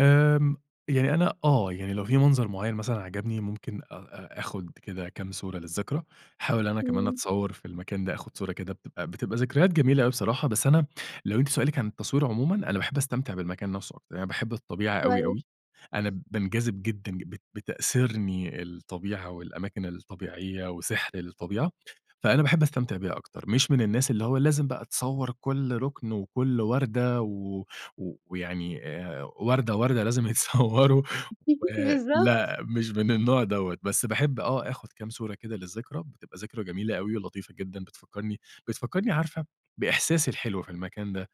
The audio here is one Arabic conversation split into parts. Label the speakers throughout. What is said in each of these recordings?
Speaker 1: آمم يعني أنا آه. يعني لو في منظر معيّن مثلًا عجبني ممكن أ أ آخُد كده كام صورة للذكرى، أحاول أنا كمان
Speaker 2: إمم.
Speaker 1: أتصوّر في المكان ده، آخُد صورة كده بتبقى بتبقى ذكريات جميلة أوي بصراحة، بس أنا لو أنتِ سؤالِك عن التصوير عمومًا، أنا باحب أستمتع بالمكان نفسه أكتر، يعني باحب الطبيعة أوي،
Speaker 2: كويس.
Speaker 1: أوي. أنا بانجذب جدًا ج بت بتأسرني الطبيعة والأماكن الطبيعية وسحر الطبيعة، فأنا باحب أستمتع بيها أكتر. مش من الناس اللي هو لازم بقى تصوّر كل رُكن وكل وردة و و ويعني آآ وردة، وردة لازم يتصوّروا و
Speaker 2: بالضبط.
Speaker 1: لأ، مش من النوع دوّة. بس باحب آه، آخُد كام صورة كده للذكرى، بتبقى ذكرى جميلة أوي ولطيفة جدًا بتفكّرني بتفكرني عارفة بإحساسي الحلو في المكان ده،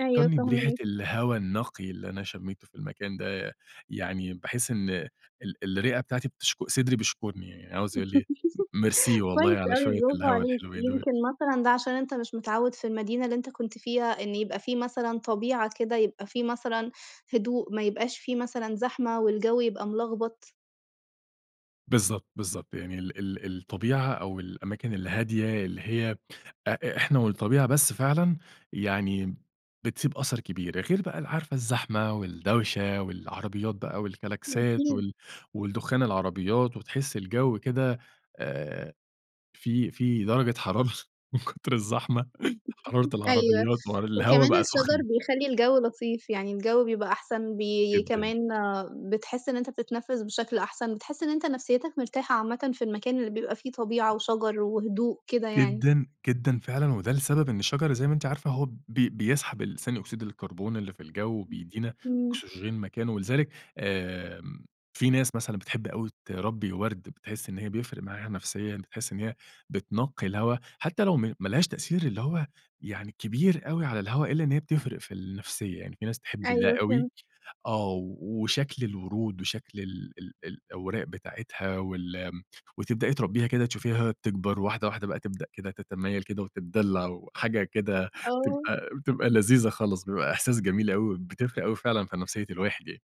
Speaker 2: أيوه
Speaker 1: بريحة
Speaker 2: فاهماك.
Speaker 1: الهوا النقي اللي أنا شمّيته في المكان ده، يعني باحس إن ال الرِّئة بتاعتي بتشك صدري بيشكُرني، يعني عاوز يقُول لي م ميرسي والله
Speaker 2: كويس
Speaker 1: على
Speaker 2: أوي
Speaker 1: شوية
Speaker 2: برافو
Speaker 1: الهوا
Speaker 2: عليك.
Speaker 1: الحلوين دول.
Speaker 2: يمكن مثلًا ده عشان أنت مش متعوّد في المدينة اللي أنت كنت فيها، إن يبقى في مثلًا طبيعة كده، يبقى في مثلًا هدوء ما يبقاش في مثلًا زحمة والجَو يبقى ملغبط.
Speaker 1: بالضبط، بالضبط. يعني ال ال الطبيعة أو الأماكن الهادية اللي هي أ إحنا والطبيعة بس فعلًا يعني بتسيب أثَر كبير. غير بقى ال عارفة الزحمة والدوشة والعربيات بقى والكلاكسات
Speaker 2: أكيد.
Speaker 1: وال والدخان العربيات وتحِسي الجَو كده آآ فيه فيه درجة حرارة من كتر الزحمة، حرارة
Speaker 2: أيوه.
Speaker 1: العربيات والهوا
Speaker 2: وكمان
Speaker 1: بقى
Speaker 2: الشجر
Speaker 1: سُخْن.
Speaker 2: بيخلّي الجَو لطيف، يعني الجَو بيبقى أحسن بي
Speaker 1: جدًا.
Speaker 2: كمان بتحِس إن أنت بتتنفِّس بشكل أحسن، بتحِس إن أنت نفسيّتك مرتاحة عامةً في المكان اللي بيبقى فيه طبيعة وشجر وهدوء كده يعني.
Speaker 1: جدًا، جدًا فعلًا. وده لسبب إن الشجر زي ما أنتِ عارفة هو ب بيسحب ثاني أكسيد الكربون اللي في الجَو
Speaker 2: إمم.
Speaker 1: وبيدّينا
Speaker 2: إمم.
Speaker 1: أكسجين مكانه ولذلك آمم في ناس مثلًا بتحب أوي تربّي ورد، بتحِس إن هي بيفرق معاها نفسيًا، بتحِس إن هي بتنقّي الهوا حتّى لو م ما لهاش تأثير اللي هو يعني كبير أوي على الهوا إلّا إن هي بتفرق في النفسية، يعني في ناس تحب ده
Speaker 2: أيوه
Speaker 1: أوي.
Speaker 2: فهمت.
Speaker 1: آه. و وشكل الورود وشكل ال ال الأوراق بتاعتها وال م وتبدأي تربّيها كده تشوفيها تكبر واحدة، واحدة بقى تبدأ كده تتمايل كده وتتدلّع وحاجة كده
Speaker 2: آه.
Speaker 1: بتبقى بتبقى لذيذة خالص، بيبقى إحساس جميل أوي، بتفرق أوي فعلًا في نفسية الواحدة ي